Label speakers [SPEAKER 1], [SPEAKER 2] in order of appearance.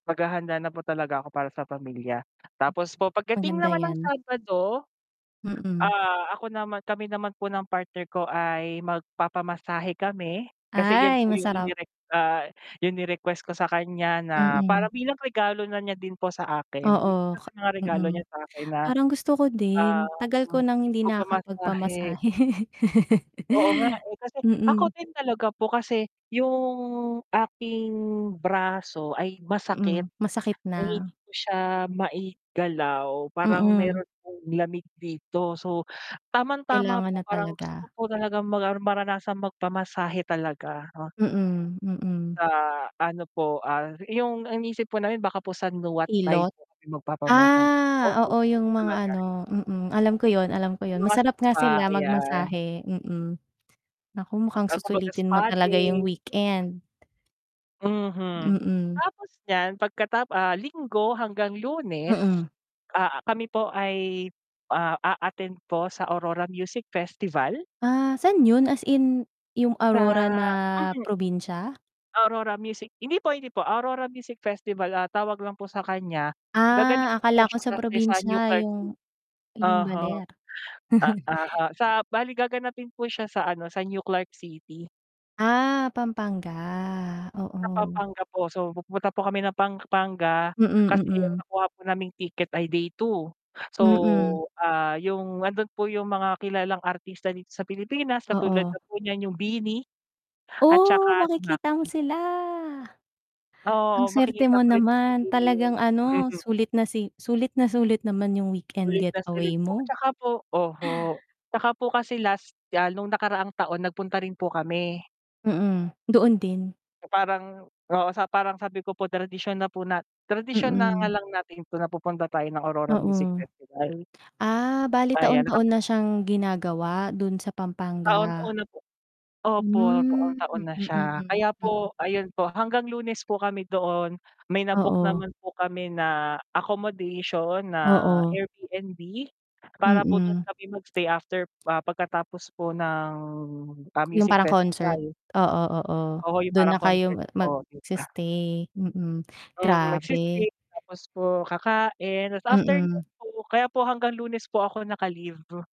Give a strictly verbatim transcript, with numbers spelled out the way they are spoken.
[SPEAKER 1] Maghahanda na po talaga ako para sa pamilya. Tapos po pagdating
[SPEAKER 2] Maganda
[SPEAKER 1] naman ng
[SPEAKER 2] 'yan.
[SPEAKER 1] Sabado,
[SPEAKER 2] Mm.
[SPEAKER 1] ah, ako naman kami naman po ng partner ko ay magpapamasahe kami, kasi iyon
[SPEAKER 2] Ay,
[SPEAKER 1] po 'yong
[SPEAKER 2] masarap.
[SPEAKER 1] inire ah, 'yong request ko sa kaniya na,
[SPEAKER 2] Mm.
[SPEAKER 1] parang bilang regalo na niya din po sa akin, i
[SPEAKER 2] Oo,
[SPEAKER 1] isa
[SPEAKER 2] ka
[SPEAKER 1] sa mga regalo
[SPEAKER 2] mm,
[SPEAKER 1] niya sa akin na,
[SPEAKER 2] parang gusto ko
[SPEAKER 1] ah,
[SPEAKER 2] din. Tagal ko
[SPEAKER 1] m
[SPEAKER 2] nang hindi
[SPEAKER 1] magpamasahe.
[SPEAKER 2] nakakapagpamasahe.
[SPEAKER 1] Oo nga, eh, kasi ako
[SPEAKER 2] Mm.
[SPEAKER 1] din talaga po kasi, 'yong aking braso ay masakit,
[SPEAKER 2] Mm, masakit
[SPEAKER 1] na
[SPEAKER 2] na.
[SPEAKER 1] hindi ko siya maigalaw, parang
[SPEAKER 2] Mm.
[SPEAKER 1] mayro'n akong lamig dito. So tamang-tama
[SPEAKER 2] Kailangan
[SPEAKER 1] po
[SPEAKER 2] na
[SPEAKER 1] parang gusto ko
[SPEAKER 2] talaga.
[SPEAKER 1] po talagang magar maranasang magpamasahe talaga, oh.
[SPEAKER 2] Mm, mm.
[SPEAKER 1] Ah, ano po, ah, 'yong iniisip po namin baka po sa Nuat Thai
[SPEAKER 2] Hilot?
[SPEAKER 1] po kami magpapamasa
[SPEAKER 2] Ah,
[SPEAKER 1] opo,
[SPEAKER 2] oo,
[SPEAKER 1] hilot
[SPEAKER 2] 'yong mga,
[SPEAKER 1] talaga.
[SPEAKER 2] ano, mm, alam ko 'yon, alam ko 'yon.
[SPEAKER 1] 'Yong mga
[SPEAKER 2] Masarap nga
[SPEAKER 1] spa
[SPEAKER 2] sila
[SPEAKER 1] ayan.
[SPEAKER 2] magmasahe, mm. Naku, mukhang
[SPEAKER 1] Ah, kumbaga
[SPEAKER 2] susulitin mo
[SPEAKER 1] spa
[SPEAKER 2] talaga 'yong
[SPEAKER 1] day.
[SPEAKER 2] weekend.
[SPEAKER 1] Mhm.
[SPEAKER 2] Mm.
[SPEAKER 1] Tapos niyan pagkatap ah, Linggo hanggang Lunes,
[SPEAKER 2] Mm.
[SPEAKER 1] ah, kami po ay, ah, a-attend po sa Aurora Music Festival.
[SPEAKER 2] Ah, saan 'yon? As in, 'yong
[SPEAKER 1] Sa
[SPEAKER 2] Aurora na
[SPEAKER 1] mm.
[SPEAKER 2] probinsya?
[SPEAKER 1] Aurora Music hindi po, hindi po. Aurora Music Festival, ah, tawag lang po sa kaniya,
[SPEAKER 2] Ah,
[SPEAKER 1] gaganapin po
[SPEAKER 2] akala ko
[SPEAKER 1] siya
[SPEAKER 2] sa
[SPEAKER 1] kasi sa New
[SPEAKER 2] probinsya,
[SPEAKER 1] Clark Ci
[SPEAKER 2] 'yong 'yong
[SPEAKER 1] oho.
[SPEAKER 2] Baler.
[SPEAKER 1] Ah, oho, sa bale gaganapin po siya sa, ano, sa New Clark City.
[SPEAKER 2] Ah, Pampanga,
[SPEAKER 1] Sa
[SPEAKER 2] oo.
[SPEAKER 1] Pampanga po. So, pupunta po kami ng Pampanga
[SPEAKER 2] Mm,
[SPEAKER 1] kasi ang
[SPEAKER 2] mm.
[SPEAKER 1] nakuha po naming ticket ay day two. So,
[SPEAKER 2] Mm.
[SPEAKER 1] ah, 'yong nando'n po 'yong mga kilalang artista dito sa Pilipinas katulad
[SPEAKER 2] Oo.
[SPEAKER 1] na po niyan 'yong BINI at
[SPEAKER 2] Oh,
[SPEAKER 1] saka si
[SPEAKER 2] makikita mo
[SPEAKER 1] Maki.
[SPEAKER 2] sila. Ang
[SPEAKER 1] Oo,
[SPEAKER 2] swerte
[SPEAKER 1] makikita
[SPEAKER 2] mo
[SPEAKER 1] ko rin po si,
[SPEAKER 2] naman,
[SPEAKER 1] BINI.
[SPEAKER 2] talagang, ano, sulit na si sulit naman 'yong weekend
[SPEAKER 1] Sulit na sulit
[SPEAKER 2] getaway
[SPEAKER 1] po,
[SPEAKER 2] mo.
[SPEAKER 1] 'tsaka po oho, 'tsaka po kasi last, ah, no'ng nakaraang taon nagpunta rin po kami.
[SPEAKER 2] Mm, doon din?
[SPEAKER 1] So parang oo, sa parang sabi ko po tradisyon na po nat tradisyon na nga
[SPEAKER 2] Mm.
[SPEAKER 1] lang natin 'to na pupunta tayo ng Aurora Music
[SPEAKER 2] Oo.
[SPEAKER 1] Festival.
[SPEAKER 2] Ah, bale
[SPEAKER 1] Ayan
[SPEAKER 2] taon-taon
[SPEAKER 1] naka-book
[SPEAKER 2] na
[SPEAKER 1] ko
[SPEAKER 2] siyang ginagawa do'n sa Pampanga.
[SPEAKER 1] Taon-taon na po. Opo,
[SPEAKER 2] Hmm,
[SPEAKER 1] taon-taon
[SPEAKER 2] mm,
[SPEAKER 1] na siya,
[SPEAKER 2] mm,
[SPEAKER 1] kaya
[SPEAKER 2] mm.
[SPEAKER 1] po, ayun po hanggang Lunes po kami doon. May na book
[SPEAKER 2] Oo.
[SPEAKER 1] naman po kami na accommodation na
[SPEAKER 2] Oo.
[SPEAKER 1] AirBnB para po do'n
[SPEAKER 2] Mm.
[SPEAKER 1] kami mag-stay after, ah, pagkatapos po ng, ah,
[SPEAKER 2] 'Yong
[SPEAKER 1] Music
[SPEAKER 2] parang concert,
[SPEAKER 1] Festival.
[SPEAKER 2] oo, oo.
[SPEAKER 1] Oho, 'yong
[SPEAKER 2] Do'n
[SPEAKER 1] parang
[SPEAKER 2] na kayo
[SPEAKER 1] concert
[SPEAKER 2] ma
[SPEAKER 1] po, 'di ba.
[SPEAKER 2] magsi-stay. Mm,
[SPEAKER 1] Mm, mag
[SPEAKER 2] grabe.
[SPEAKER 1] [unintelligible] tapos po kakain. 'Tas after no'n
[SPEAKER 2] Mm.
[SPEAKER 1] po, kaya po hanggang Lunes po ako naka-leave.